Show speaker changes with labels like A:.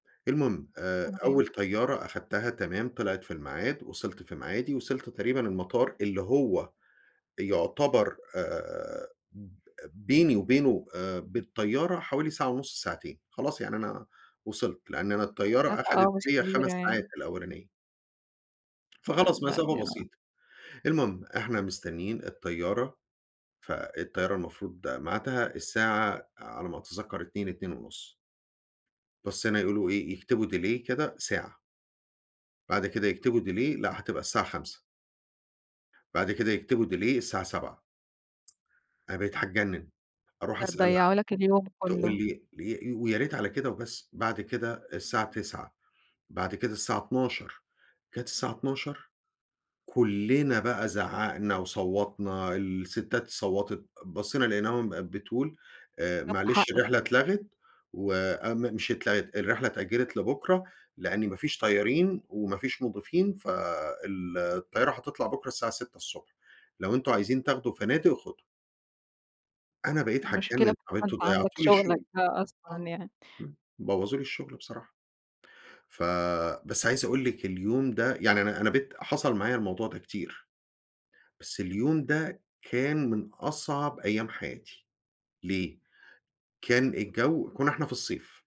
A: المهم آآ،
B: تمام.
A: أول طيارة أخدتها تمام طلعت في الميعاد وصلت في ميعادي، وصلت تقريبًا المطار اللي هو يعتبر آآ، ب بيني وبينه آآ، بالطيارة حوالي ساعة ونص، ساعتين، خلاص يعني أنا وصلت؛ لأن أنا الطيارة
B: مسافة
A: أخدت
B: آه، مش
A: بيا
B: كبيرة
A: 5 ساعات
B: يعني.
A: الأولانية.
B: لأ،
A: فخلاص
B: لأ،
A: مسافة
B: دى آه.
A: بسيطة، المهم إحنا مستنين الطيارة، فالطيارة المفروض ميعادها الساعة على ما أتذكر 02:00، 02:30. بصينا يقولوا إيه يكتبوا delay كده ساعة. بعد كده يكتبوا delay لأ، هتبقى الساعة 05:00. بعد كده يكتبوا delay الساعة 07:00، أنا بقيت هاتجنن، أروح
B: ض
A: أسألها،
B: ضيعوا لك اليوم
A: تقول
B: كله.
A: لي [unintelligible] ويا ريت على كده وبس، بعد كده الساعة 09:00، بعد كده الساعة 12:00، جات الساعة 12:00 كلنا بقى زعّقنا وصوّتنا، الستات صوتت، بصينا لقيناهم بتقول آآ،
B: عندهم حق
A: "معلش
B: طبعًا.
A: الرحلة اتلغت وام" مش اتلغت، "الرحلة اتأجلت لبُكرة؛ لأن ما فيش طيارين وما فيش مضيفين فال الطيارة هتطلع بُكرة الساعة 06:00، لو أنتم عايزين تاخدوا فنادق، خدوا". أنا بقيت
B: المشكلة
A: هاتجنن، طب
B: بقى أنت
A: أنتم
B: عندك
A: ضيعتوا لي
B: شغلك
A: الشغل،
B: بقى أصلًا
A: آه،
B: يعني.
A: امم، بوظوا لي الشغل بصراحة. ف بس عايز أقول لِك اليوم ده، يعني أنا أنا بت حصل معايا الموضوع ده كتير، بس اليوم ده كان من أصعب أيام حياتي، ليه؟ كان الجو كنا إحنا في الصيف.